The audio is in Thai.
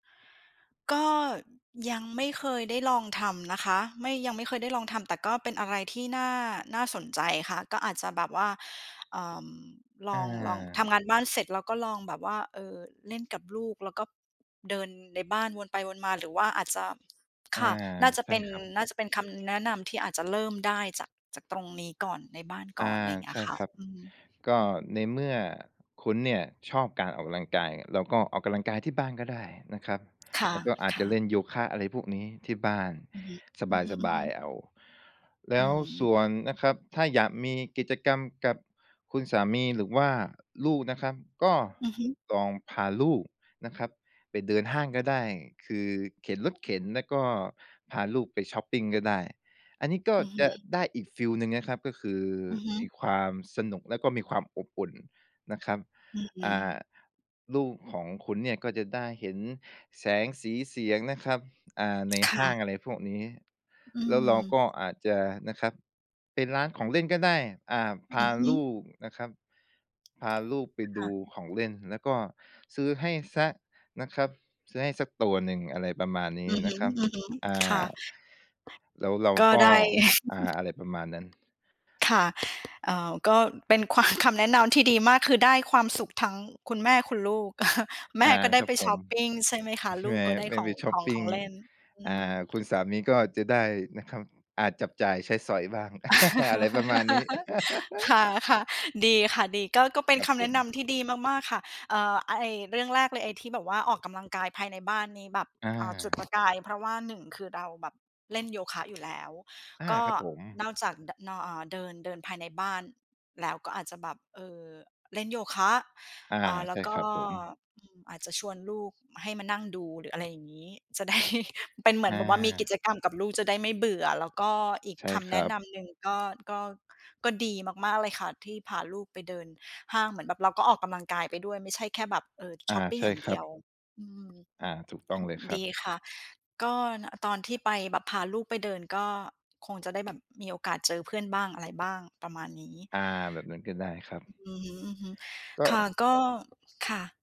ก็ยังไม่เคยได้ลองทำนะคะ ไม่ ยังไม่เคยได้ลองทำ แต่ก็เป็นอะไรที่น่า น่าสนใจค่ะ ก็อาจจะแบบว่า เอ่อ ลออง ลอง ทำา งานบ้านเสร็จแล้วก็ลองแบบว่า เออ เล่นกับลูก แล้วก็เดินในบ้านวนไปวนมา หรือว่าอาจจะ อคา ่ะ น่าจะใชเ่ป็น ครับ น่าจะเป็นคำแนะนำที่อาจจะเริ่มได้จาก จากตรงนี้ก่อน ในบ้านอก่อา น อะไรอย่างเงีใ้ชย่ค่ะ ครับ อืม ก็อืม ในเมื่อ คุณเนี่ยชอบการออกกำลังกาย เราก็ออกกำลังกายที่บ้านก็ได้นะครับ ค่ะ แล้วก็อาจคจ่ะเละ ่นโยคะ อะไรพวกนี้ที่บ้านอือฮึ อือสบฮาึ ย ๆ ๆ เอา แลอื้วสม ่วนนะครับ ถ้าอยากมีกิจกรรมกับคุณสามีหรือว่าลูกนะครับ ก็อือฮึ ลองพาลูกนะครับไปเดินห้างก็ได้ คือเข็นรถเข็นแล้วก็พาลูกไปช็อปปิงก็ได้ อันนี้ก็อือฮจะึ ได้อีกฟีลหนึ่งนะครับ ก็คืออือฮึ มีความสนุกแล้วก็มีความอบอุ่นนะครับ อือ อ่า ลูกของคุณเนี่ยก็จะได้เห็นแสงสีเสียงนะครับ อ่า ในคห่้าะ ง อะไรพวกนี้ อืแล้วเราม ก็อาจจะนะครับ เป็นร้านของเล่นก็ได้ อ่า อพืาอฮลึ ูกนะครับ พาลูกไปคดู่ะ ของเล่น แล้วก็ซื้อให้เสียนะครับ ซื้อให้สักตัวหนึ่ง อะไรประมาณนีอ้ือฮนึ ะครับ อือฮึ อ่ค่ะ า แล้วเราก็ก็ ได้ อ่า อะไรประมาณนั้น ค่ะ เอ่อ ก็เป็นความ คำแนะนำที่ดีมาก คือได้ความสุขทั้งคุณแม่คุณลูก เออ แมอ่า ่ก็ไดค้รัไบปผช็อม ปปิง ใช่ไหมคะ ใช่ลูไหกม ก็ได้ไม่ขไอปง ช็อขปอง ปิขง องเล่น อือ่า ม คุณสามีก็จะได้นะครับ อาจจับจ่ายใช้สอยบ้าง อะไรประมาณนี้ ค่ะ ๆ ดีค่ะ ดี ก็ ก็เป็คนรัคบำผแนะนม ำที่ดีมาก ๆ ค่ะ เอ่อ อ ไอ้เรื่องแรกเลย ไอ้ที่แบบว่าออกกำลังกายภายในบ้านนี้แบบ อเอ่อ จุด า ประกายเพราะว่า 1 คือเราแบบเล่นโยคะอยู่ แล้ว อา ก็ครับผม นอกจาก ด นอ เอ่อ เดิน เดินภายในบ้าน แล้วก็อาจจะแบบ เออ เล่นโยคะ อา อ่า แลใ้ชว่กค็ รับผม อืม อาจจะชวนลูกมา ให้มานั่งดู หรืออะไรอย่างงี้ จะ ได้ เป็นเหมืออนแบบว่ามีกิา จกรรมกับลูก จะได้ไม่เบื่อ แล้วก็อีกใช่คคำแนรัะบ นำหนึ่งก็ ก็ ก็ดีมาก ๆ เลยค่ะ ที่พาลูกไปเดินห้าง เหมือนแบบเราก็ออกกำลังกายไปด้วย ไม่ใช่แค่แบบ เอ่อ อชา ็อปปิใงชอ่ย่างคเดรัียบ ว อืม อา ถูกตอ ้องเลยครดับ ีค่ะ ก็ น ตอนที่ไปแบบ พาลูกไปเดินก็คงจะได้แบบมีโอกาสเจอเพื่อนบ้าง อะไรบ้าง ประมาณนี้ อา แบบนั้นก็ได้ครับ อือฮึ ก็ ๆ ค่ะ ก็ ค่ะ